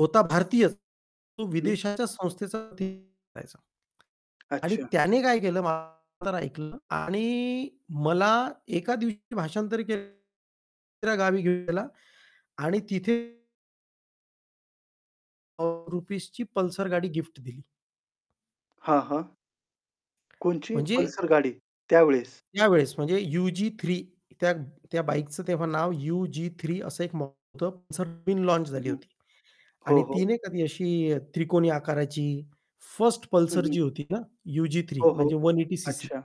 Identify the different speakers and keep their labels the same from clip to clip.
Speaker 1: होता भारतीयच, तो
Speaker 2: हं.
Speaker 1: विदेशाच्या संस्थेसाठी [unintelligible] करायचा. आणि
Speaker 2: अच्छा
Speaker 1: त्याने काय केलं माझं तर ऐकलं आणि मला एका दिवशी भाषांतरी केल दुसऱ्या गावी घेऊन गेला आणि तिथे हो, रुपीजची पल्सर गाडी गिफ्ट दिली.
Speaker 2: हां, हां. कोणती
Speaker 1: म्हणजे
Speaker 2: पल्सर गाडी, त्यावेळेस?
Speaker 1: यावेळेस, म्हणजे यु-जी-3 त्या त्या बाईकचं तेव्हा नाव यु-जी-3 असं एक मॉडेल होतं, असं नवीन लॉन्च
Speaker 2: हं,
Speaker 1: झाली
Speaker 2: हं.
Speaker 1: होती
Speaker 2: हो,
Speaker 1: आणि
Speaker 2: हो.
Speaker 1: ती नाही का ती अशी अ, त्रिकोणी आकाराची 1st
Speaker 2: हं,
Speaker 1: पल्सर
Speaker 2: हं
Speaker 1: जी होती ना यु-जी-3,
Speaker 2: हो, हो.
Speaker 1: म्हणजे 180 सीसी.
Speaker 2: अच्छा.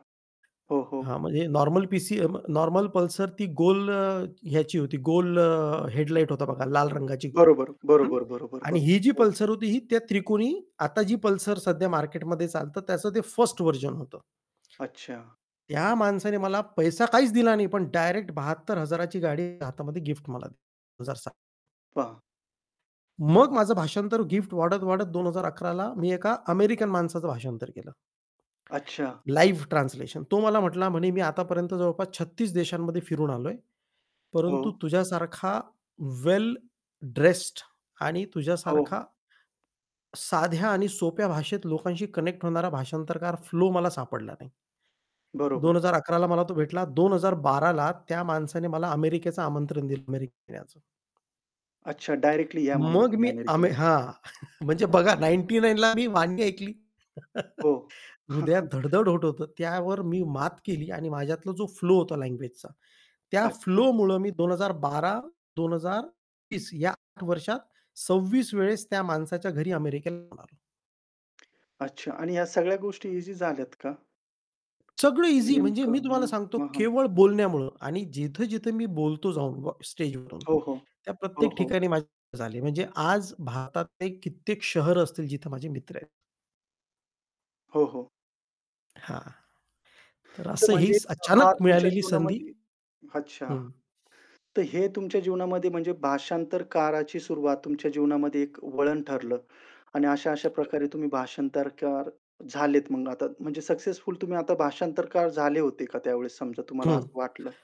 Speaker 2: हो, हो.
Speaker 1: हां, म्हणजे नॉर्मल पीसी नॉर्मल पल्सर ती गोल अ, ह्याची होती गोल अ, हेडलाइट होता बघा, लाल रंगाची
Speaker 2: बरोबर,
Speaker 1: हं,
Speaker 2: बरोबर, बरोबर,
Speaker 1: आणि
Speaker 2: बरोबर.
Speaker 1: ही जी
Speaker 2: हो.
Speaker 1: पल्सर होती, ही त्या त्रिकोणी आता जी पल्सर सध्या मार्केटमध्ये चालतं त्याचं ते 1st व्हर्जन होतं.
Speaker 2: अच्छा.
Speaker 1: त्या माणसाने मला पैसा काहीच दिला नाही, पण डायरेक्ट 72,000 ची गाडी हातामध्ये गिफ्ट मला दि 2007.
Speaker 2: पहा.
Speaker 1: मग माझं भाषांतर गिफ्ट वाढत-वाढत 2011 ला मी एका अमेरिकन माणसाचं भाषांतर केलं.
Speaker 2: अच्छा.
Speaker 1: Live translation. तो मला म्हटला म्हणे, "मी आतापर्यंत जवळपास 36 देशांमध्ये फिरून आलोय, परंतु
Speaker 2: हो.
Speaker 1: तुझ्यासारखा वेल ड्रेस्ड आणि
Speaker 2: हो.
Speaker 1: तुझ्यासारखा साध्या आणि सोप्या भाषेत लोकांशी कनेक्ट होणारा भाषांतरकार फ्लो मला सापडला नाही." दोन
Speaker 2: बरोबर.
Speaker 1: हजार अकरा ला मला तो भेटला, 2012 ला त्या माणसाने मला अमेरिकेचं आमंत्रण दिलं, अमेरिकेत येण्याचं.
Speaker 2: अच्छा. डायरेक्टली या म्हणून,
Speaker 1: मग
Speaker 2: तुम्ही
Speaker 1: मी अमे
Speaker 2: अमेरिकेला.
Speaker 1: हां. म्हणजे बघा
Speaker 2: अच्छा.
Speaker 1: 99 ला मी वाक्य ऐकली.
Speaker 2: हो.
Speaker 1: हृदयात धड-धड होत होतं, त्यावर मी मात केली आणि माझ्यातला जो फ्लो होता लँग्वेजचा, त्या
Speaker 2: अच्छा.
Speaker 1: फ्लोमुळे मी 2012, 2020 या 8 वर्षात 26 वेळेस त्या माणसाच्या घरी अमेरिकेला आलो.
Speaker 2: अच्छा आणि ह्या सगळ्या गोष्टी ईझी झाल्यात का?
Speaker 1: सगळं ईझी म्हणजे
Speaker 2: नेमकं
Speaker 1: मी तुम्हाला
Speaker 2: हं.
Speaker 1: सांगतो
Speaker 2: हं, हं.
Speaker 1: केवळ बोलण्यामुळं आणि जिथे-जिथे मी बोलतो जाऊन, व स्टेजवरून
Speaker 2: हो, हो.
Speaker 1: त्या
Speaker 2: हो,
Speaker 1: प्रत्येक
Speaker 2: हो.
Speaker 1: ठिकाणी माझ्या [unintelligible] झाले, म्हणजे आज भारतातले कित्येक शहर असतील, जिथे माझे मित्र आहेत.
Speaker 2: हो, हो.
Speaker 1: हां. तर
Speaker 2: तर
Speaker 1: असं ही
Speaker 2: म्हणजे, हा
Speaker 1: अचानक
Speaker 2: तुमच्या
Speaker 1: मिळालेली संधी
Speaker 2: जीवनामध्ये अच्छा.
Speaker 1: हं.
Speaker 2: तर हे तुमच्या जीवनामध्ये म्हणजे भाषांतरकाराची सुरुवात तुमच्या जीवनामध्ये एक वळण ठरलं. आणि अशा-अशा प्रकारे तुम्ही भाषांतरकार झालेत मग आता म्हणजे सक्सेसफुल तुम्ही आता भाषांतरकार झाले होते का त्यावेळेस, समजा तुम्हाला
Speaker 1: हं.
Speaker 2: असं वाटलं.